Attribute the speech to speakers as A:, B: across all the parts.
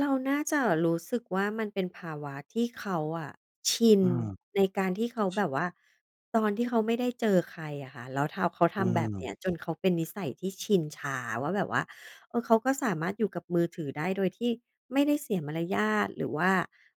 A: เราน่าจะรู้สึกว่ามันเป็นภาวะที่เขาอะชิน
B: อือ
A: ในการที่เขาแบบว่า ตอนที่เขาไม่ได้เจอใครอะค่ะ แล้ว ท เขาท
B: อื
A: ำแบบ
B: ม
A: นี้จนเขาเป็นนิสัยที่ชินชาว่าแบบว่า เออ เขาก็สามารถอยู่กับมือถือได้โดยที่ไม่ได้เสียมารยาท หรือว่า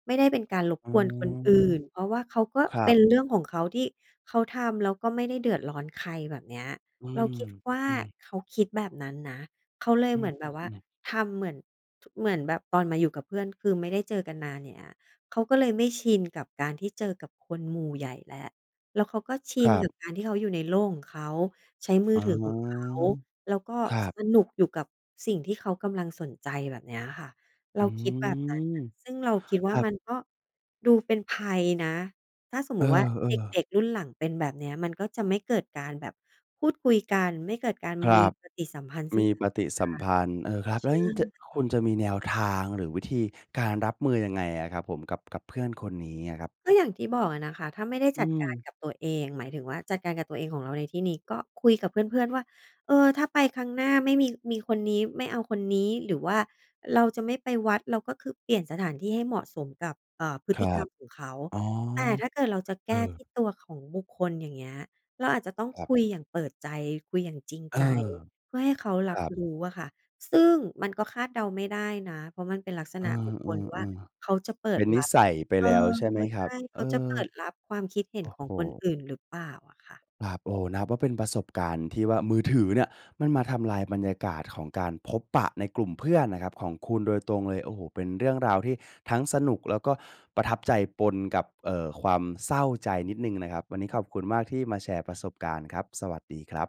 A: ไม่ได้เป็นการรบ
B: อื
A: กวน คนอ
B: ม
A: ื่น เพราะว่าเขาก็
B: ครั
A: เป็
B: บ
A: น เรื่องของเขาที่เขาทำ แล้วก็ไม่ได้เดือดร้อนใคร แบบเนี้ย
B: อื
A: เรา
B: ม
A: คิดว่า
B: อือ
A: เขาคิดแบบนั้นนะ เขาเลย
B: อื
A: เหมือนแบบว่า
B: อ ๆ ๆ
A: ทำเหมือน ท เหมือนแบบตอนมาอยู่กับเพื่อน คือไม่ได้เจอกันนาน อย่างเงี้ย เขาก็เลยไม่ชินกับการที่เจอกับคนหมู่ใหญ่แล้ว แล้วเขาก็ชิ
B: ค
A: น
B: รั
A: ก
B: บ
A: ับการที่เขาอยู่ในโลกของเขา ใช้มื
B: อ
A: อ
B: ๋อ
A: ถือ ของเขา แล้วก็
B: ครับ
A: สนุกอยู่กับสิ่งที่เขากำลังสนใจ แบบนี้อะค่ะ เ
B: อ
A: ร
B: ื
A: าคิดแบบนั้น
B: ม
A: นะ ซึ่งเราคิดว
B: ค
A: ่า
B: รับ
A: มันก็ดูเป็นภัยนะ ถ้าสม
B: เอ
A: ม
B: อ
A: ุติว่าเ
B: ๆ
A: ด็ก ๆ รุ่นหลังเป็นแบบเนี้ยมันก็จะไม่เกิดการแบบพูดคุยกัน ไม่เกิดการ
B: คร
A: มี
B: ับ
A: ปฏิสัมพันธ์ซึ
B: ม
A: ่ง
B: ี
A: กั
B: ป
A: นและก
B: ฏ
A: ั
B: ิสัมพันธ์ เออ ครั
A: น
B: บ
A: ใช
B: แล้ว
A: ่
B: อย่างงี้จะ
A: ไ
B: คุณ
A: ง
B: จะมีแนวทาง หรือวิธีการรับมือยังไงอะครับผม กับ กับเพื่อนคนนี้อะครับ?
A: ก็อย่างที่บอกอะนะคะ ถ้าไม่ได้
B: อื
A: จัดการ
B: ม
A: กับตัวเอง หมายถึงว่า จัดการกับตัวเองของเราในที่นี้ก็คุยกับเพื่อน ๆ ว่า "เออ ถ้าไปครั้งหน้าไม่มี มีคนนี้ ไม่เอาคนนี้ หรือว่าเราจะไม่ไปวัด เราก็คือเปลี่ยนสถานที่ให้เหมาะสมกับ อ่า พฤ
B: ค
A: ต
B: ร
A: ิ
B: ั
A: กรร
B: บ
A: มของเขา"
B: อ๋อ
A: แต่ถ้าเกิดเราจะแ
B: เอ
A: ก้ท
B: อ
A: ี่ตัวของบุคคล อย่างเงี้ย เราอาจจะต้อง
B: ครับ
A: คุยอย่างเปิดใจ คุยอย่างจริง
B: เออ
A: ใจ เพื่อให้เขา
B: ค
A: รั
B: ร
A: บ
B: ับ
A: รู้อะค่ะ ซึ่งมันก็คาดเดาไม่ได้นะ เพราะมันเป็นลักษ
B: เอ
A: ณ
B: อ
A: ะบุค
B: อ
A: ค
B: ื
A: ลว่า
B: ม
A: เขาจะเป
B: ๆ เ
A: ิ
B: ป็
A: ด
B: นน
A: ร
B: ิ
A: ับ
B: สัยไป
A: เอ
B: แ
A: อ
B: ล้ว ใช่ไหมค
A: ใช
B: รั
A: ่
B: บ
A: เ
B: เ
A: ข
B: อ่อ
A: าจะเปิดรับความคิดเห็
B: โอ
A: น
B: ้
A: ข
B: โ
A: องคน
B: ฮ
A: อื่น หรือเปล่าอะคะ?
B: ครับ โอ้ นับว่าเป็นประสบการณ์ที่ว่า มือถือเนี่ยมันมาทำลายบรรยากาศของการพบปะในกลุ่มเพื่อนนะครับ ของคุณโดยตรงเลย โอ้โฮ เป็นเรื่องราวที่ทั้งสนุก แล้วก็ประทับใจ ปนกับ เอ่อ ความเศร้าใจนิดหนึ่งนะครับ วันนี้ขอบคุณมากที่มาแชร์ประสบการณ์ครับ สวัสดีครับ